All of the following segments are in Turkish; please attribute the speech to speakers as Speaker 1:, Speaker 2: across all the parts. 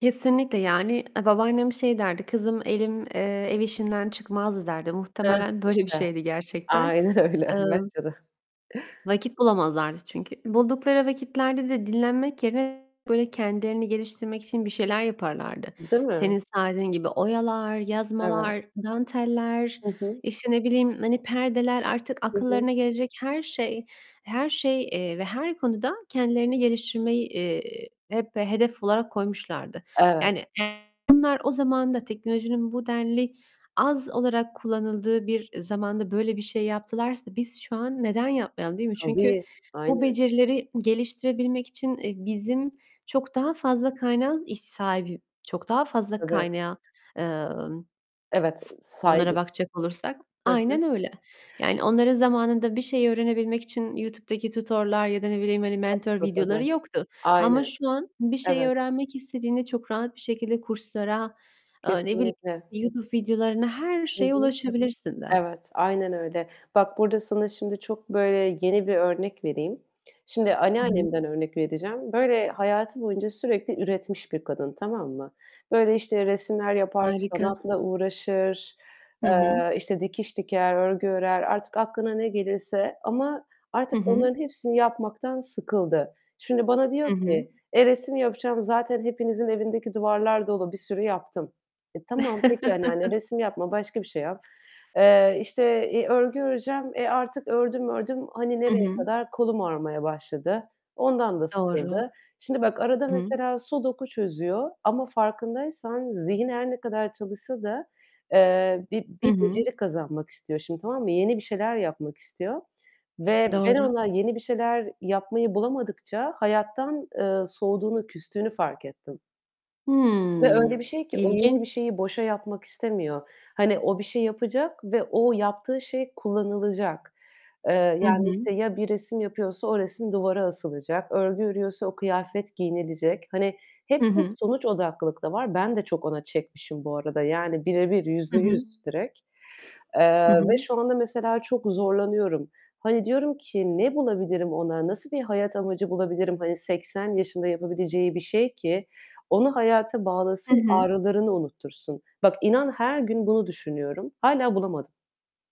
Speaker 1: Kesinlikle yani, eee, babaannem şey derdi: "Kızım elim, eee, ev işinden çıkmazdı." derdi.
Speaker 2: Heh,
Speaker 1: Muhtemelen böyle bir
Speaker 2: işte,
Speaker 1: şeydi gerçekten.
Speaker 2: aynen öyle,
Speaker 1: Emm
Speaker 2: bence de.
Speaker 1: Vakit bulamazlardı çünkü. Buldukları vakitlerde de dinlenmek yerine böyle kendilerini geliştirmek için bir şeyler yaparlardı.
Speaker 2: Değil mi?
Speaker 1: Senin saydığın gibi oyalar,
Speaker 2: Evet.
Speaker 1: yazmalar, danteller,
Speaker 2: Hı hı.
Speaker 1: işte, ne bileyim, hani, perdeler artık
Speaker 2: Hı hı.
Speaker 1: akıllarına gelecek her şey her şey, eee, ve her konuda kendilerini geliştirmeyi, eee, hep ve hedef olarak koymuşlardı.
Speaker 2: Evet.
Speaker 1: Yani bunlar o zamanda teknolojinin bu denli, az olarak kullanıldığı bir, eee, zamanda böyle bir şey yaptılarsa biz şu an neden yapmayalım, değil mi? Çünkü
Speaker 2: Tabii,
Speaker 1: bu
Speaker 2: aynen.
Speaker 1: becerileri geliştirebilmek için, eee, bizim çok daha fazla kaynağımız iş sahibi çok daha fazla
Speaker 2: Tabii.
Speaker 1: kaynayan, emm,
Speaker 2: Evet,
Speaker 1: sı onlara
Speaker 2: sahibiz.
Speaker 1: bakacak olursak
Speaker 2: Hı
Speaker 1: Aynen öyle yani.
Speaker 2: hı.
Speaker 1: Onların zamanında bir şeyi öğrenebilmek için YouTube'daki tutor'lar ya da ne bileyim hani mentor
Speaker 2: Yoktu tabii.
Speaker 1: videoları yoktu ama
Speaker 2: Aynen.
Speaker 1: şu an bir şeyi
Speaker 2: Evet.
Speaker 1: öğrenmek istediğinde çok rahat bir şekilde kurslara, eee, ne bileyim,
Speaker 2: Kesinlikle.
Speaker 1: YouTube videolarına, her
Speaker 2: Hı
Speaker 1: şeye
Speaker 2: hı.
Speaker 1: ulaşabilirsin de.
Speaker 2: Evet, aynen öyle. Bak, burada sana şimdi çok böyle yeni bir örnek vereyim. Şimdi
Speaker 1: I hı.
Speaker 2: anneannemden örnek vereceğim. Böyle hayatı boyunca sürekli üretmiş bir kadın, tamam mı? Böyle, işte, resimler yapar,
Speaker 1: Harika.
Speaker 2: sanatla uğraşır,
Speaker 1: Hı hı.
Speaker 2: eee, işte, dikiş diker, örgü örer, artık aklına ne gelirse ama
Speaker 1: Hı
Speaker 2: artık
Speaker 1: hı.
Speaker 2: onların hepsini yapmaktan sıkıldı. Şimdi bana diyor
Speaker 1: Hı hı.
Speaker 2: ki "E, resim yapacağım, zaten hepinizin evindeki duvarlar dolu, bir sürü yaptım." E, tamam, peki, anneanne resim yapma, başka bir şey yap. Eee, işte, i örgü öreceğim, e, artık ördüm ördüm, hani
Speaker 1: Hı
Speaker 2: nereye
Speaker 1: hı.
Speaker 2: kadar kolum ağrımaya başladı. Ondan da
Speaker 1: Doğru.
Speaker 2: sıkıldı. Şimdi bak, arada
Speaker 1: Hı.
Speaker 2: mesela sudoku çözüyor ama farkındaysan zihnen her ne kadar çalışsa da, eee, bi
Speaker 1: I
Speaker 2: bir
Speaker 1: hı.
Speaker 2: beceri kazanmak istiyor şimdi, tamam mı? Yeni bir şeyler yapmak istiyor ve ben
Speaker 1: Doğru.
Speaker 2: ona yeni bir şeyler yapmayı bulamadıkça hayattan, eee, soğuduğunu, küstüğünü fark ettim. Ve öyle bir
Speaker 1: Hımm,
Speaker 2: şey ki o yeni bir
Speaker 1: ilginç.
Speaker 2: şeyi boşa yapmak istemiyor. Hani o bir şey yapacak ve o yaptığı şey kullanılacak. Eee,
Speaker 1: Hı
Speaker 2: yani,
Speaker 1: hı.
Speaker 2: işte, ya bir resim yapıyorsa o resim duvara asılacak. Örgü örüyorsa o kıyafet giyinilecek. Hani hep
Speaker 1: Hı
Speaker 2: bir
Speaker 1: hı.
Speaker 2: sonuç odaklılık da var. Ben de çok ona çekmişim bu arada. Yani birebir,
Speaker 1: Hı
Speaker 2: yüzde
Speaker 1: hı.
Speaker 2: yüz direkt,
Speaker 1: Hı
Speaker 2: eee, ve
Speaker 1: hı.
Speaker 2: şu anda mesela çok zorlanıyorum. Hani diyorum ki "Ne bulabilirim ona? Nasıl bir hayat amacı bulabilirim?" Hani 80 yaşında yapabileceği bir şey ki onu hayata
Speaker 1: I
Speaker 2: bağlasın,
Speaker 1: hı.
Speaker 2: ağrılarını unuttursun. Bak inan her gün bunu düşünüyorum. Hâlâ bulamadım.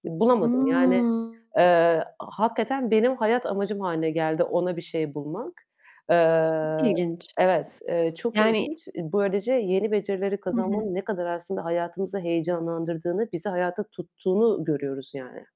Speaker 2: Bulamadım yani,
Speaker 1: Hımm.
Speaker 2: eee, a hakikaten benim hayat amacım hâline geldi ona bir şey bulmak.
Speaker 1: [unintelligible]
Speaker 2: Eee
Speaker 1: İlginç.
Speaker 2: Evet, eee, çok
Speaker 1: Yani
Speaker 2: ilginç. Böylece yeni becerileri
Speaker 1: Hı hı.
Speaker 2: kazanmanın ne kadar aslında hayatımızı heyecanlandırdığını, bizi hayatta tuttuğunu görüyoruz yani.